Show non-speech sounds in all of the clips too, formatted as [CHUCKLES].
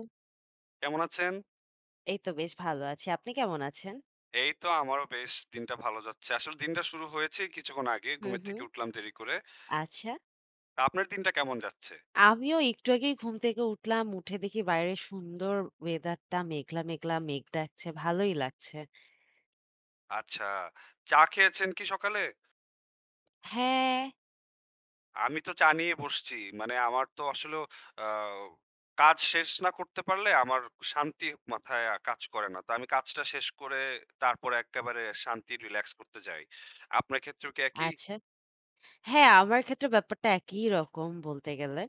ও। কেমন আছেন? এই তো বেশ ভালো আছি। আপনি কেমন আছেন? এই তো আমারও বেশ দিনটা ভালো যাচ্ছে। আসলে দিনটা শুরু হয়েছে কিছুক্ষণ আগে। হুম, ঘুমের থেকে হুম। উঠলাম দেরি করে। আচ্ছা। তা আপনার দিনটা কেমন যাচ্ছে? আমিও একটু আগেই ঘুম থেকে উঠলাম, উঠে দেখি বাইরের সুন্দর ওয়েদারটা। মেঘলা, মেঘলা। মেঘ ডাকছে, ভালোই লাগছে। আচ্ছা, চা খেয়েছেন কি সকালে? হ্যাঁ। আমি তো চা নিয়ে বসছি। মানে আমার তো আসলেও আ কাজ শেষ না করতে পারলে আমার শান্তি মাথায় আ কাজ করে না। তো আমি কাজটা শেষ করে তারপরে একেবারে শান্তি, রিল্যাক্স করতে যাই। আপনার ক্ষেত্রেও কি একই? আচ্ছা। হ্যাঁ, আমার ক্ষেত্রে ব্যাপারটা একইরকম বলতে গেলে।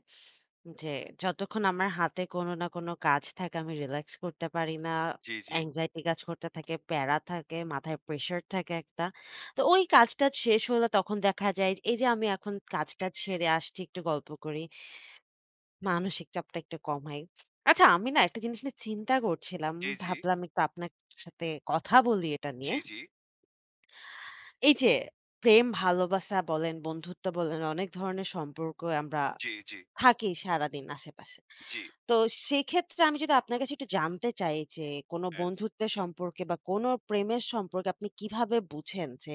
যে, যতক্ষণ আমার হাতে কোনো না কোনো কাজ থাকে, আমি রিল্যাক্স করতে পারি না। জি, জি। anxiety কাজ করতে থাকে, প্যারা থাকে, মাথায় প্রেশার থাকে একটা। তো ওই কাজটা শেষ হলে তখন দেখা যায় এইযে আমি এখন কাজ-টাজ সেড়ে আসছি। একটু গল্প করি। মানসিক চাপটা একটু কম হয়। আচ্ছা আমি না একটা জিনিস নিয়ে চিন্তা করছিলাম। জি, জি। ভাবলাম একটু আপনার সাথে কথা বলি এটা জি, নিয়ে। জি। এইযে প্রেম ভালোবাসা বলেন, বন্ধুত্ব বলেন, অনেক ধরনের সম্পর্ক আমরা জি, জি। থাকি সারাদিন আশেপাশে। জ্বি। তো সেক্ষেত্রে আমি যদি আপনার কাছে একটু জানতে চাই যে, কোনো হ্যাঁ। বন্ধুত্বের সম্পর্কে বা, কোনো প্রেমের সম্পর্কে আপনি কিভাবে বুঝেন যে,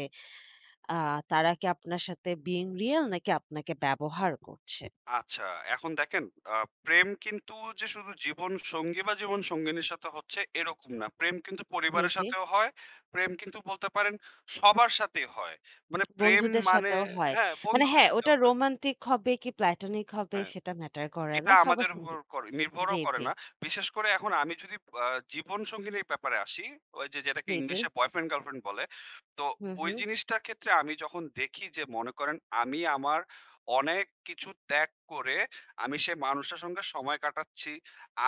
আ তারা কি আপনার সাথে being real নাকি আপনাকে ব্যবহার করছে? আচ্ছা, এখন দেখেন আ প্রেম কিন্তু যে, শুধু জীবনসঙ্গী বা, জীবন সঙ্গিনীর সাথে হচ্ছে এরকম না। প্রেম কিন্তু জি, পরিবারের জি। সাথেও হয়। প্রেম কিন্তু বলতে পারেন সবার সাথেই হয়। মানে প্রেম বন্ধুদের মানে সাথেও হয়। হ্যাঁ, মানে বন্ধুদের হ্যাঁ, ওটা সাথেও হয়। রোমান্টিক হবে কি, platonic হবে? হ্যাঁ, সেটা ম্যাটার করে না। এটা সবার আমাদের সাথে উপর করে নির্ভরও জ্বি, করে জ্বি। না। বিশেষ করে এখন আমি যদি আ জীবনসঙ্গিনীর ব্যাপারে আসি, ওইযে যেটাকে জি, জি। ইংলিশে বয়ফ্রেন্ড, গার্লফ্রেন্ড বলে। তো হুম, ওই হুম। জিনিসটার ক্ষেত্রে আমি যখন দেখি যে, মনে করেন, আমি আমার অনেক কিছু ত্যাগ করে আমি সে মানুষের সঙ্গে সময় কাটাচ্ছি।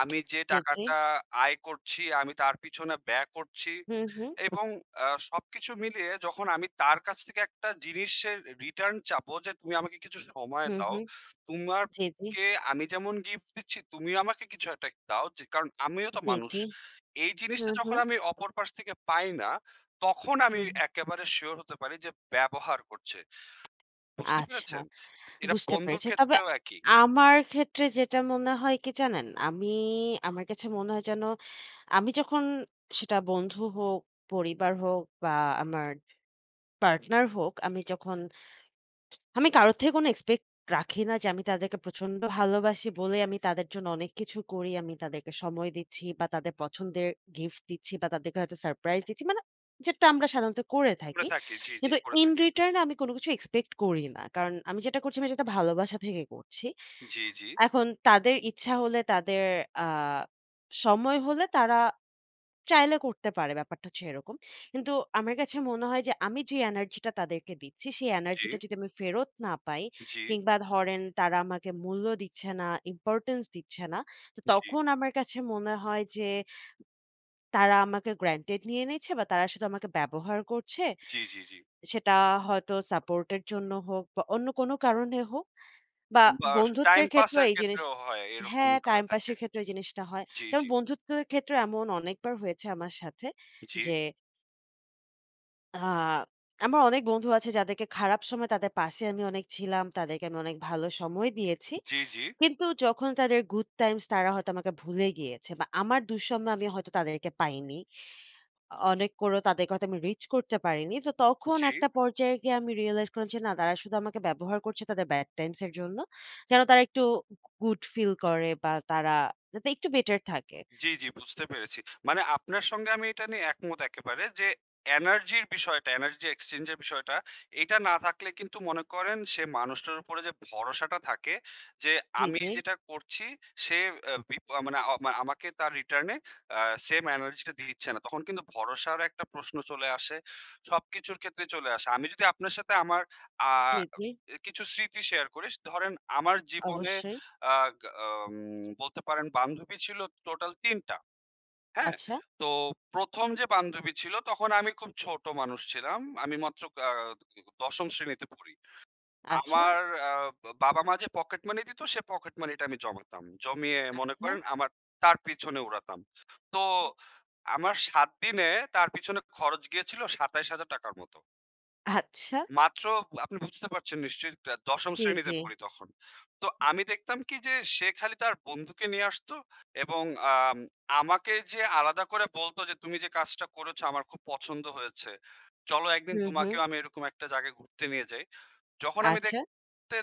আমি যে, জি, জি। টাকাটা আয় করছি আমি তার পিছনে ব্যয় করছি হুম, হুম। এবং আ সবকিছু মিলিয়ে যখন আমি তার কাছ থেকে একটা জিনিসের এর রিটার্ন চাবো যে, "তুমি আমাকে কিছু সময় হুম, দাও। হুম। জি, জি। তোমাকে আমি যেমন গিফট দিচ্ছি তুমিও আমাকে কিছু একটা কে দাও। যে, কারণ, আমিও তো জি, মানুষ।" জি। এই জিনিসটা হুম, যখন হুম। আমি অপর পাশ থেকে পাই না, তখন আমি হুম। একেবারে সিউর হতে পারি যে, ব্যবহার করছে। বুঝতে আচ্ছা, পেরেছেন? তো এরা বুঝতে বন্ধুর পেরেছি। তবে ক্ষেত্রেও একই। আমার ক্ষেত্রে যেটা মনে হয় কি জানেন? আমি আমার কাছে মনে হয় যেন আমি যখন সেটা বন্ধু হোক, পরিবার হোক বা, আমার পার্টনার হোক, আমি যখন আমি কারো থেকে কোন এক্সপেক্ট রাখি না যে, আমি তাদেরকে প্রচন্ড ভালোবাসি বলে আমি তাদের জন্য অনেক কিছু করি। আমি তাদেরকে সময় দিচ্ছি বা, তাদের পছন্দের গিফট দিচ্ছি বা, তাদেরকে হয়তো সারপ্রাইজ দিচ্ছি। মানে যেটা আমরা সাধারণত করে করে থাকি। থাকি। জি, জি। কিন্তু করে in থাকি এখন। return এ আমি কোন কিছু এক্সপেক্ট করি না। কারণ, আমি যেটা করছি আমি যেটা ভালোবাসা থেকে করছি। জি, জি। এখন তাদের ইচ্ছা হলে, তাদের আ সময় হলে, তারা চাইলে করতে পারে, ব্যাপারটা হচ্ছে এরকম। কিন্তু আমার কাছে মনে হয় যে, আমি যে, এনার্জিটা তাদেরকে দিচ্ছি, সেই জি। এনার্জিটা যদি আমি ফেরত না পাই জি। কিংবা, ধরেন তারা আমাকে মূল্য দিচ্ছে না, ইম্পোর্টেন্স দিচ্ছে না। তো জি। তখন আমার কাছে মনে হয় যে, তারা আমাকে গ্রেন্টেড নিয়ে নিয়েছে বা, তারা শুধু আমাকে ব্যবহার করছে। জি, জি, জি। সেটা হয়তো সাপোর্টের জন্য হোক বা, অন্য কোন কারণে হোক বা, বা, স টাইম বন্ধুত্বের ক্ষেত্রেও পাসের এই জিনিস ক্ষেত্রেও হয়। হ্যাঁ, এরকমটা টাইম হয়ে থাকে। পাসের ক্ষেত্রেও এই জিনিসটা হয়। জি, যেমন জি। বন্ধুত্বের ক্ষেত্রেও এমন অনেকবার হয়েছে আমার সাথে জি। যে আ আমার অনেক বন্ধু আছে যাদেরকে খারাপ সময় তাদের পাশে আমি অনেক ছিলাম। তাদেরকে আমি অনেক ভালো সময় দিয়েছি। জি, জি। কিন্তু যখন তাদের গুড টাইমস তারা হয়তো আমাকে ভুলে গিয়েছে বা আমার দুঃসময়ে আমি হয়তো তাদেরকে পাইনি। অ অনেক করেও তাদেরকে হয়তো আমি রিচ করতে পারিনি। তো তখন জি। একটা পর্যায়ে গিয়ে আমি রিয়ালাইজ করলাম যে না তারা শুধু আমাকে ব্যবহার করছে তাদের Bad টাইমস এর জন্য। যেন তারা একটু গুড ফিল করে বা তারা যাতে একটু বেটার থাকে। জি, জি, বুঝতে পেরেছি। মানে আপনার সঙ্গে আমি এটা নিয়ে একমত একেবারে যে, এনার্জির বিষয়টা Energy Exchange এর বিষয়টা এটা না থাকলে কিন্তু মনে করেন সে মানুষটার উপরে যে ভরসাটা থাকে যে জি, আমি জি। যেটা করছি সে আ বিপ আ মানে আমাকে তার রিটার্নে আ সেম এনার্জি টা দিচ্ছে না। তখন কিন্তু ভরসার একটা প্রশ্ন চলে আসে। সব কিছুর ক্ষেত্রে চলে আসে। আমি যদি আপনার সাথে আমার আ জি, জি। এ কিছু স্মৃতি শেয়ার করি স ধরেন আমার জীবনে অবশ্যই। আগ আম বলতে পারেন বান্ধবী ছিল টোটাল ৩ টা। হ্যাঁ? আচ্ছা! তো ১ম যে বান্ধবী ছিল তখন আমি খুব ছোট মানুষ ছিলাম। আমি মাত্র আ ১০ম শ্রেণীতে পড়ি। আচ্ছা! আমার আ বাবা-মা যে পকেট মানি দিত সে পকেট মানি টা আমি জমাতাম। জমিয়ে মনে আচ্ছা। করেন আমার তার পিছনে উড়াতাম। তো আমার ৭ দিনে তার পিছনে খরচ গিয়েছিল ৳২৭,০০০ টাকার মতো। আচ্ছা। মাত্র আপনি বুঝতে পারছেন নিশ্চয়ই আ দ ১০ম জি, শ্রেণীতে জি। পড়ি তখন। তো আমি দেখতাম কি? যে, সে খালি তার বন্ধুকে নিয়ে আসতো এবং আম আমাকে যেয়ে আলাদা করে বলতো যে, "তুমি যে, কাজটা করেছো, আমার খুব পছন্দ হয়েছে। চলো একদিন হুম, তোমাকেও হুম। আমি এরকম একটা জায়গায় ঘুরতে নিয়ে যাই।" যখন আমি আচ্ছা। দেখতে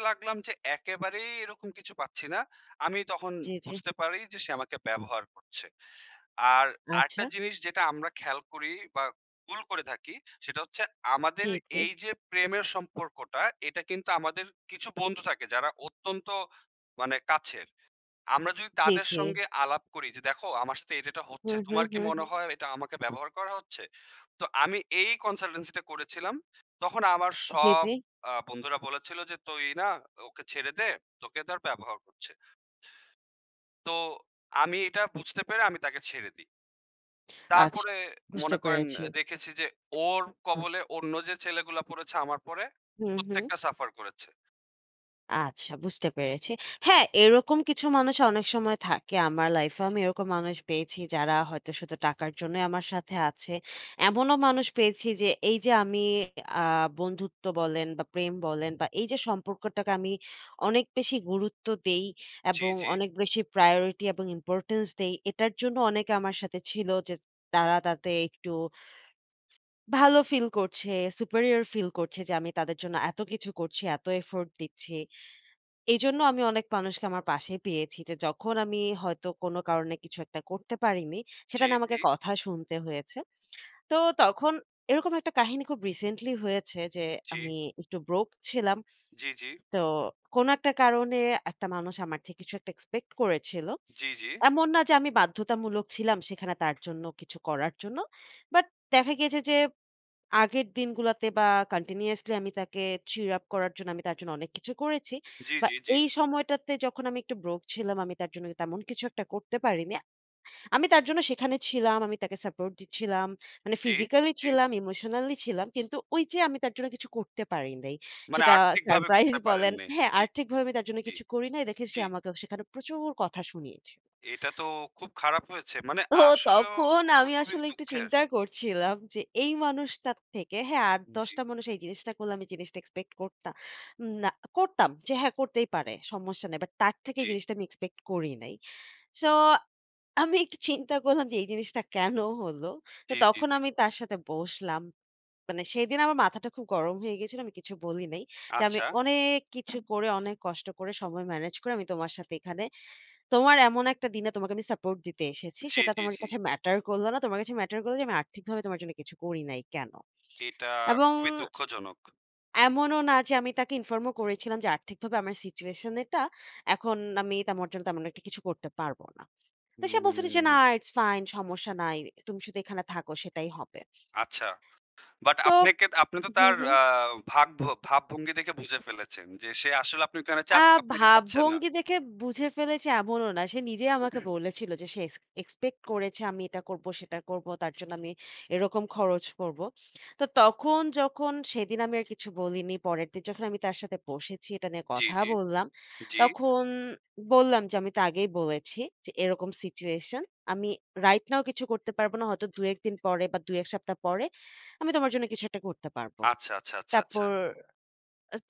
লাগলাম যে, একেবারেই এরকম কিছু পাচ্ছি না। আমি তখন জি, জি। বুঝতে পারি যে, সে আমাকে ব্যবহার করছে। আর আরেকটা আচ্ছা। জিনিস যেটা আমরা খেয়াল করি বা, ভুল করে থাকি। সেটা হচ্ছে জি, আমাদের জি। এইযে প্রেমের সম্পর্কটা এটা কিন্তু আমাদের কিছু বন্ধু থাকে, যারা অত্যন্ত মানে কাছের। আমরা যদি জি, তাদের জি। সঙ্গে আলাপ করি যে, "দেখো আমার সাথে এইটা, এইটা হচ্ছে, হুম, হুম, তোমার কি হুম, মনে হুম। হয়? এটা আমাকে ব্যবহার করা হচ্ছে?" তো আমি এই consultancy টা করেছিলাম। তখন আমার জি, সব জি। আ বন্ধুরা বলেছিল যে, "তুই না ওকে ছেড়ে দে, তোকে তার ব্যবহার করছে।" তো আমি এটা বুঝতে পেরে আমি তাকে ছেড়ে দিই। আচ্ছা, তারপরে বুঝতে মনে করেন পেরেছি। এ দেখেছি যে, ওর কবলে অন্য যে, ছেলেগুলা পড়েছে আমার পরে, হুম, হুম। প্রত্যেকটা সাফার করেছে। আচ্ছা, বুঝতে পেরেছি। হ্যাঁ, এরকম কিছু মানুষ অনেক সময় থাকে। আমার লাইফে আমি এরকম মানুষ পেয়েছি, যারা হয়তো শুধু টাকার জন্যই আমার সাথে আছে। এমনও মানুষ পেয়েছি যে, এইযে আমি আ বন্ধুত্ব বলেন বা, প্রেম বলেন বা, এইযে সম্পর্কটাকে আমি অনেক বেশি গুরুত্ব দেই জি, এবং জি। অনেক বেশি প্রায়োরিটি এবং ইম্পোর্টেন্স দেই। এটার জন্য অনেকে আমার সাথে ছিল যে, তারা তাতে একটু ভালো ফিল করছে, superior ফিল করছে যে, আমি তাদের জন্য এত কিছু করছি, এত এফোর্ট দিচ্ছি। এজন্য আমি অনেক মানুষকে আমার পাশে পেয়েছি যে, যখন আমি হয়তো কোন কারণে কিছু একটা করতে পারিনি, সেটা জি, নিয়ে জি। আমাকে কথা শুনতে হয়েছে। তো তখন এরকম একটা কাহিনী খুব রিসেন্টলি হয়েছে যে, জি। আমি একটু broke ছিলাম। জি, জি। তো কোনো একটা কারণে একটা মানুষ আমার কিছু একটা এক্সপেক্ট করেছিল। জি, জি। এমন না যে, আমি বাধ্যতামূলক ছিলাম সেখানে তার জন্য কিছু করার জন্য। বাট দেখা গেছে যে, আগের দিনগুলোতে বা, কান্টিনিউয়াসলি আমি তাকে cheer up করার জন্য আমি তার জন্য অনেক কিছু করেছি। জি, বা, জি, জি। এই সময়টাতে যখন আমি একটু broke ছিলাম, আমি তার জন্য কিন তেমন কিছু একটা করতে পারিনি। আমি তার জন্য সেখানে ছিলাম, আমি তাকে সাপোর্ট দিচ্ছিলাম। মানে জি, ফিজিক্যালি জি। ছিলাম, ইমোশনালি ছিলাম। কিন্তু ওইযে আমি তার জন্য কিছু করতে পারি নাই। মানে সেটা আর্থিকভাবে সারপ্রাইজ করতে পারেন বলেন নাই। [SCOFFS] হ্যাঁ, জি। আর্থিকভাবে আমি তার জন্য জি, কিছু করি নাই। দেখে সে জি। আমাকে অ সেখানে প্রচুর কথা শুনিয়েছে। এটা তো খুব খারাপ হয়েছে। মানে তো আসলেও তখন এটা আমি খুবই আসলে একটু দুঃখের চিন্তা করছিলাম যে, এই মানুষটার থেকে হ্যাঁ, আট, উম দশ জি। টা মানুষ এই জিনিসটা করলে আমি জিনিসটা এক্সপেক্ট করতা না করতাম। যে, হ্যাঁ, করতেই পারে। সমস্যা নাই। বাট তার থেকে জি। এই জিনিসটা আমি এক্সপেক্ট করি নাই। সো আমি একটু চিন্তা করলাম যে, এই জিনিসটা কেন হলো? তো জি, জি, তখন জি। আমি তার সাথে বসলাম। মানে সেদিন আমার মাথাটা খুব গরম হয়ে গিয়েছিল। আমি কিছু বলি নাই। যে, "আমি আচ্ছা। অনেক কিছু করে, অনেক কষ্ট করে সময় ম্যানেজ করে আমি তোমার সাথে এখানে তোমার এমন একটা দিনে তোমাকে আমি সাপোর্ট দিতে এসেছি। জি, সেটা জি, তোমার জি। কাছে ম্যাটার করলো না। তোমার কাছে ম্যাটার করলো যে, আমি আর্থিকভাবে তোমার জন্য কিছু করি নাই কেন?" এটা এবং খুবই দুঃখজনক। এমনও না যে আমি তাকে ইনফর্ম ও করেছিলাম যে আর্থিকভাবে আমার সিচুয়েশনের এটা এখন আমি তেমার জন্য তেমন একটা কিছু করতে পারবো না। তো সে বলছিলো যে না উম ইটস ফাইন সমস্যা নাই। তুমি শুধু এখানে থাকো সেটাই হবে। আচ্ছা। বাট তো আপনেকে আপনি তো হুম, তার হুম। আ ভাগ ভাবভঙ্গি দেখে বুঝে ফেলেছেন, যে সে আসলে আপনি ওইখানে আ চাক আপনাকে চাচ্ছে না। ভাবভঙ্গি দেখে বুঝে ফেলেছে এমনও না। সে নিজে আমাকে [CLEARS THROAT] বলেছিল যে সে এস এক্সপেক্ট করেছে আমি এটা করব, সেটা করব তার জন্য আমি এরকম খরচ করব। তো তখন যখন সেদিন আমি আর কিছু বলিনি। পরেরদিন যখন আমি তার সাথে বসেছি এটা নিয়ে জি, কথা জি, বললাম। জি। তখন বললাম যে, "আমি তা আগেই বলেছি যে এরকম সিচুয়েশন আমি রাইট নাও কিছু করতে পারব না। হয়তো ২, ১ দিন পরে বা ২ ১ সপ্তাহ পরে আমি তোমার জন্য কিছু একটা করতে পারব।" আচ্ছা, আচ্ছা, আচ্ছা, আচ্ছা। তারপর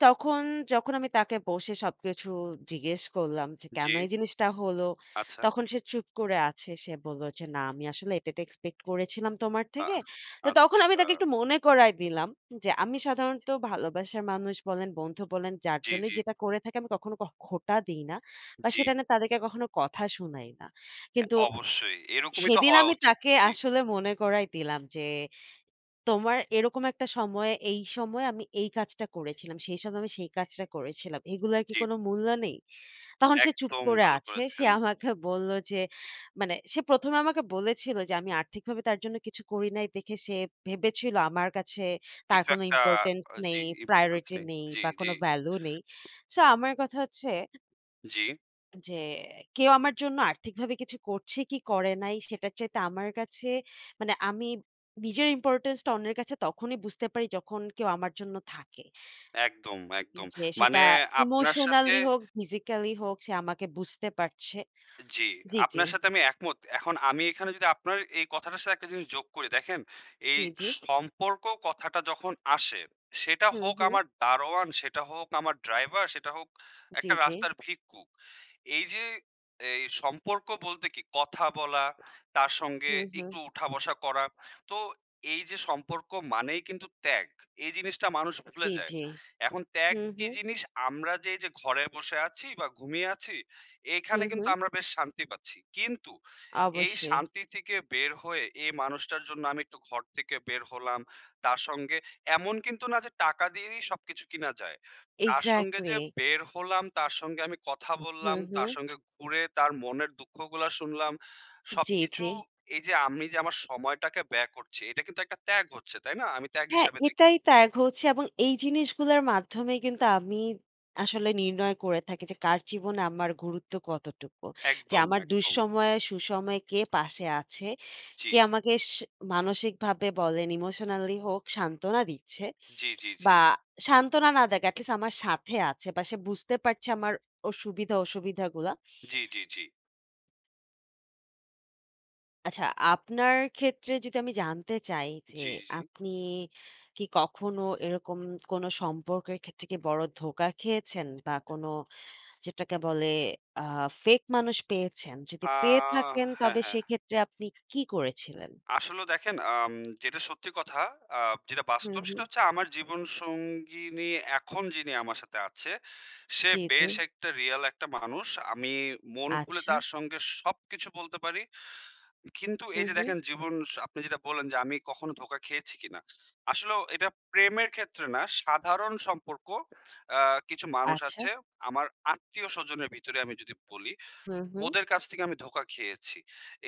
তখন যখন আমি তাকে বসে সবকিছু জিজ্ঞেস করলাম যে, জি। "কেন এই জিনিসটা হলো?" আচ্ছা। তখন সে চুপ করে আছে। সে বলল, যে না আমি আসলে এটা, এটা, এক্সপেক্ট করেছিলাম তোমার আহ! থেকে। তো তখন আমি আচ্ছা। তাকে একটু মনে করায় দিলাম যে আমি সাধারণত ভালোবাসার মানুষ বলেন, বন্ধু বলেন যার জি, জন্যই জি। যেটা করে থাকি আমি কখনো ক খোঁটা দেই না। বা জি। সেটা নে তাদেরকে কখনো কথা শুনাই না। হ্যাঁ কিন্তু অবশ্যই এরকমই তো সেদিন হওয়া আমি উচিত, তাকে জি। আসলে মনে করাই দিলাম যে, "তোমার এরকম একটা সময়ে, এই সময়ে আমি এই কাজটা করেছিলাম। সেই সময় আমি সেই কাজটা করেছিলাম। এগুলার কি জ্বী। কোন মূল্য নেই?" তখন সে চুপ একদম করে ভালো আছে, সে করেছেন। আমাকে বলল যে মানে সে প্রথমে আমাকে বলেছিল যে আমি আর্থিকভাবে তার জন্য কিছু করি নাই দেখে সে ভেবেছিল আমার কাছে তার কিছু কোন একটা important অ জি নেই, [UNINTELLIGIBLE] প্রায়োরিটি হচ্ছে নেই জি, বা জি। কোনো ভ্যালু নেই। সো আমার কথা হচ্ছে জি। যে কেউ আমার জন্য আর্থিকভাবে কিছু করছে কি করে নাই সেটার চাইতে আমার কাছে মানে আমি নিজের ইম্পোর্টেন্স টা অন্যের কাছে তখনই বুঝতে পারি যখন কেউ আমার জন্য থাকে। একদম, একদম, যে মানে সেটা আপনার সাথে ইমোশনালি হোক, ফিজিক্যালি হোক সে আমাকে বুঝতে পারছে জি। জি, জি। আপনার সাথে আমি একমত এখন আমি এখানে যদি আপনার এই কথাটার সাথে একটা জিনিস যোগ করি, দেখেন এই জি, জি। সম্পর্ক কথাটা যখন আসে সেটা হুম, হোক হুম। আমার দারোয়ান, সেটা হোক আমার ড্রাইভার, সেটা হোক জি, একটা জি। রাস্তার ভিক্ষুক। এই যে এই সম্পর্ক বলতে কি কথা বলা, তার সঙ্গে হুম, একটু হুম। উঠা বসা করা, তো এই যে সম্পর্ক মানেই কিন্তু ত্যাগ। এই জিনিসটা মানুষ ভুলে জি, যায়। জি, এখন ত্যাগ হুম, কি হুম। জিনিস? আমরা যে এইযে ঘরে বসে আছি বা ঘুমিয়ে আছি এখানে হুম, কিন্তু হু। আমরা বেশ শান্তি পাচ্ছি। কিন্তু এই অবশ্যই। শান্তি থেকে বের হয়ে এই মানুষটার জন্য আমি একটু ঘর থেকে বের হলাম তার সঙ্গে এমন কিন্তু না যে টাকা দিয়ে দিয়েই সবকিছু কিনা যায়। তার সঙ্গে যে এক্সাক্টলি। বের হলাম, তার সঙ্গে আমি কথা হু, বললাম, তার হু। সঙ্গে ঘুরে তার মনের দুঃখগুলা শুনলাম, জি, সবকিছু জি। এই যে আমি যে আমার সময়টাকে ব্যয় করছি এটা কিন্তু একটা ত্যাগ হচ্ছে তাই না? আমি ত্যাগ হ্যাঁ, হিসাবে দেখি। এটাই ত্যাগ হচ্ছে এবং এই জিনিসগুলার মাধ্যমেই কিন্তু আমি আসলে নির্ণয় করে থাকি যে কার জীবনে আমার গুরুত্ব কতটুকু। যে একদম, আমার একদম। দুঃসময়ে সুসময়ে কে পাশে আছে, জি। কে আমাকে সে মানসিকভাবে বলেন ইমোশনালি হোক, সান্ত্বনা দিচ্ছে জি, জি, জি। বা সান্ত্বনা না দেক, এট লিস্ট আমার সাথে আছে বা সে বুঝতে পারছে আমার অ সুবিধা, অসুবিধা, গুলা। জি, জি, জি। আচ্ছা, আপনার ক্ষেত্রে যদি আমি জানতে চাই যে, জ্বী, জ্বী, জি। আপনি কি কখনো এরকম কোন সম্পর্কের ক্ষেত্রে কি বড় ধোকা খেয়েছেন বা কোন, যেটাকে বলে, আ ফেক মানুষ পেয়েছেন? যদি আ পেয়ে থাকেন, হ্যাঁ, তবে হ্যাঁ। সেক্ষেত্রে আপনি কী করেছিলেন? আসলে দেখেন, আম যেটা সত্যি কথা, আ যেটা হুম, বাস্তব, সেটা হুম। হচ্ছে আমার জীবন সঙ্গিনী, এখন যিনি আমার সাথে আছে, সে জ্বী, জ্বী। বেশ একটা রিয়াল একটা মানুষ। আমি মন খুলে আচ্ছা। তার সঙ্গে সবকিছু বলতে পারি। কিন্তু এই হুম, যে, হুম। দেখেন, জীবন, আপনি যেটা বললেন যে, আমি কখনো ধোকা খেয়েছি কিনা। আসলেও এটা প্রেমের ক্ষেত্রে না, সাধারণ সম্পর্ক, অ্যা কিছু মানুষ আচ্ছা। আছে। আমার আত্মীয় স্বজনের ভিতরে আমি যদি বলি, হুম, হুম। ওদের কাছ থেকে আমি ধোকা খেয়েছি।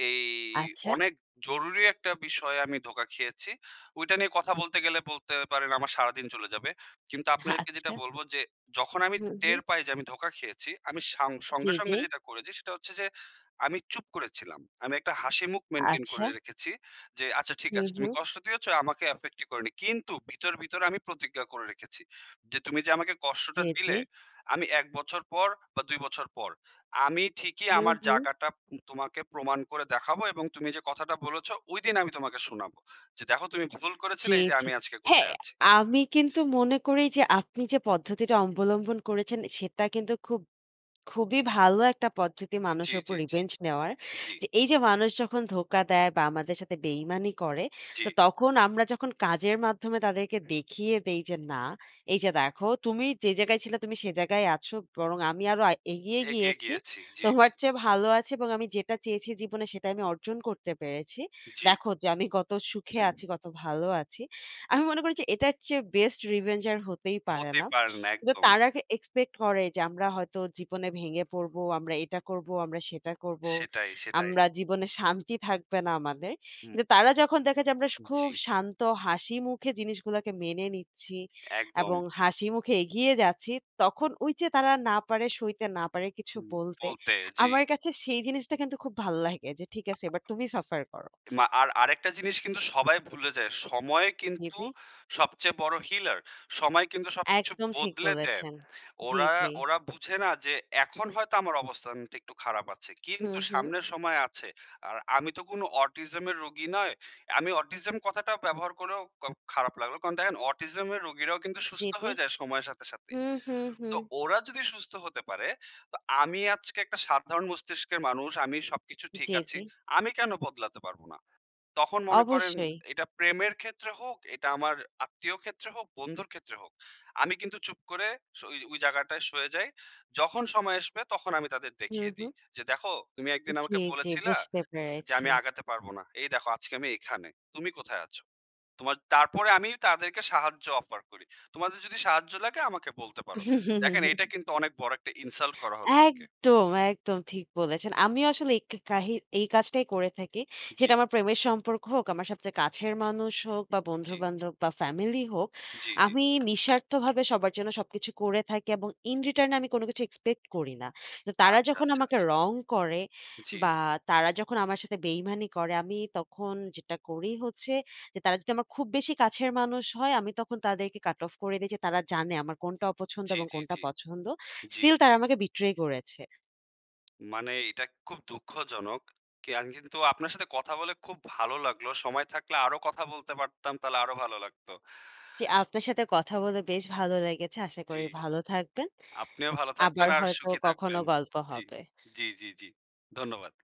এই আচ্ছা। অনেক জরুরি একটা বিষয়ে আমি ধোকা খেয়েছি। ওইটা নিয়ে কথা বলতে গেলে বলতে পারেন, আমার সারাদিন চলে যাবে। কিন্তু আপনাকে যেটা আচ্ছা। বলবো যে, যখন আমি হুম, হুম। টের পাই যে, আমি ধোকা খেয়েছি, আমি সাং জ্বী, সঙ্গে, সঙ্গে, জ্বী। যেটা করেছি সেটা হচ্ছে যে, আমি চুপ করেছিলাম। আমি একটা হাসিমুখ মেইনটেইন করে আচ্ছা। রেখেছি যে, "আচ্ছা ঠিক হুম, আছে, তুমি হুম। কষ্ট দিয়েছো, আমাকে এফেক্টই করে নি।" কিন্তু ভিতর, ভিতরে, আমি প্রতিজ্ঞা করে রেখেছি। যে, "তুমি যে, আমাকে কষ্টটা জ্বী, দিলে, জ্বী। আমি ১ বছর পর বা ২ বছর পর, আমি ঠিকই হুম, আমার হুম। জায়গাটা তোমাকে প্রমাণ করে দেখাবো এবং তুমি যে, কথাটা বলেছো, ঐদিন আমি তোমাকে শোনাবো। যে, দেখো, তুমি ভুল করেছিলে, জ্বী, এই যে, জ্বী। আমি আজকে হ্যাঁ, কোথায় আছি।" আমি কিন্তু মনে করি যে, আপনি যে, পদ্ধতিটা অবলম্বন করেছেন, সেটা কিন্তু খুব খুবই ভালো একটা পদ্ধতি, জ্বী, মানুষের উপর জ্বী, জ্বী। রিভেঞ্জ নেওয়ার। জ্বী। যে, এই যে, মানুষ যখন ধোকা দেয়, বা আমাদের সাথে বেইমানি করে, জ্বী। তো তখন আমরা যখন কাজের মাধ্যমে, তাদেরকে দেখিয়ে দেই যে, "না, এই যে, দেখো, তুমি যে, জায়গায় ছিল তুমি সেই জায়গায় আছো। বরং আমি আরো আ এগিয়ে এগিয়ে গিয়েছি। গিয়েছি। জ্বী। তোমার চেয়ে ভালো আছি এবং আমি যেটা চেয়েছি জীবনে, সেটা আমি অর্জন করতে পেরেছি। জ্বী। দেখো যে, আমি কত সুখে আছি, কত ভালো আছি।" আমি মনে করি যে, এটার চেয়ে বেস্ট রিভেঞ্জ আর হতেই পারে হতে না। পারেন না। কিন্তু একদম। তারা গে, এক্সপেক্ট করে যে, আমরা হয়তো জীবনে ভেঙে পড়বো, আমরা এটা করবো, আমরা সেটা করব। সেটাই, সেটাই। আমরা জীবনে শান্তি থাকবে না আমাদের। হুম, কিন্তু তারা যখন দেখে যে, আমরা সে খুব জ্বী। শান্ত হাসিমুখে জিনিসগুলোকে মেনে নিচ্ছি একদম। এবং হাসি মুখে এগিয়ে যাচ্ছি, তখন ওই যে, তারা না পারে সইতে, না পারে কিছু হুম। বলতে। বলতে, জ্বী। আমার কাছে, সেই জিনিসটা কিন্তু খুব ভাল্লাগে যে, "ঠিক আছে, এবার তুমি সাফার করো।" মা আর আরেকটা জিনিস কিন্তু সবাই ভুলে যায়। সময় জ্বী, কিন্তু জ্বী। সবচেয়ে বড় হিলার। সময় কিন্তু সবকিছু একদম ঠিক বদলে দেয়। বলেছেন। জ্বী, ওরা জ্বী। ওরা, বুঝে না যে, এখন হয়তো আমার অবস্থানটা একটু খারাপ আছে। হুম, কিন্তু হুম। সামনের সময় আছে। আর আমি তো কোন অটিজম এর রোগী নয়। আমি অটিজম কথাটা ব্যবহার করেও খ খারাপ লাগলো। কারণ দেখেন অটিজম এর রোগীরাও কিন্তু জ্বী, সুস্থ জ্বী। হয়ে যায়, সময়ের সাথে, সাথে। হুম, হুম, তো, হুম। ওরা যদি সুস্থ হতে পারে, তো আমি আজকে একটা সাধারণ মস্তিষ্কের মানুষ, আমি সবকিছু ঠিক জ্বী, আছি। জ্বী। আমি কেন বদলাতে পারব না? তখন মনে করেন, অবশ্যই। এটা প্রেমের ক্ষেত্রে হোক, এটা আমার আত্মীয় ক্ষেত্রে হোক, বন্ধুর ক্ষেত্রে হোক। আমি কিন্তু চুপ করে ওই ওই, জায়গাটায় সয়ে যাই। যখন সময় আসবে তখন আমি তাদের হুম, দেখিয়ে দিই। হুম। যে, দেখো, "তুমি একদিন আমাকে জ্বী, জ্বী, বলেছিলা বুঝতে যে, পেরেছি। আমি আগাতে পারব না। এই দেখো আজকে আমি এখানে। তুমি কোথায় আছো?" তোমার তারপরে আমি তাদেরকে সাহায্য অফার করি, "তোমাদের যদি সাহায্য লাগে, আমাকে বলতে পারো।" দেখেন, এটা [CHUCKLES] কিন্তু অনেক বড় একটা ইনসাল্ট করা হলো তাকে। একদম, একদম। ঠিক বলেছেন। আমি আসলে এই ক কে কাহি এই কাজটাই করে থাকি। জ্বী। সেটা আমার প্রেমের সম্পর্ক হোক, আমার সবচেয়ে কাছের মানুষ হোক, বা জ্বী। বন্ধু-বান্ধব বা ফ্যামিলি হোক। জ্বী, জ্বী। আমি নিঃস্বার্থভাবে সবার জন্য সবকিছু করে থাকি এবং ইন রিটার্ন এ আমি কোন কিছু এক্সপেক্ট করি না। তো তারা আচ্ছা, যখন আচ্ছা, আমাকে আচ্ছা। রং করে জ্বী। বা তারা যখন আমার সাথে বেইমানি করে, আমি তখন যেটা করি হচ্ছে, যে, তারা যদি আমার খুব বেশি কাছের মানুষ হয়, আমি তখন তাদেরকে কাট অফ করে দেই যে, তারা জানে আমার কোনটা অপছন্দ জ্বী, এবং জ্বী, কোনটা জ্বী। পছন্দ। জ্বী। স্টিল তারা আমাকে বিট্রে করেছে। মানে, এটা খুব দুঃখজনক। কি আমি কিন্তু আপনার সাথে কথা বলে খুব ভালো লাগলো। সময় থাকলে আরো কথা বলতে পারতাম, তাহলে আরো ভালো লাগতো। জ্বী, আপনার সাথে কথা বলে বেশ ভালো লেগেছে। আশা করি জ্বী। ভালো থাকবেন। আপনিও ভালো আবার থাকবেন, আর হয়তো সুখী কখনো থাকবেন। গল্প জ্বী। হবে। জ্বী, জ্বী, জ্বী। ধন্যবাদ।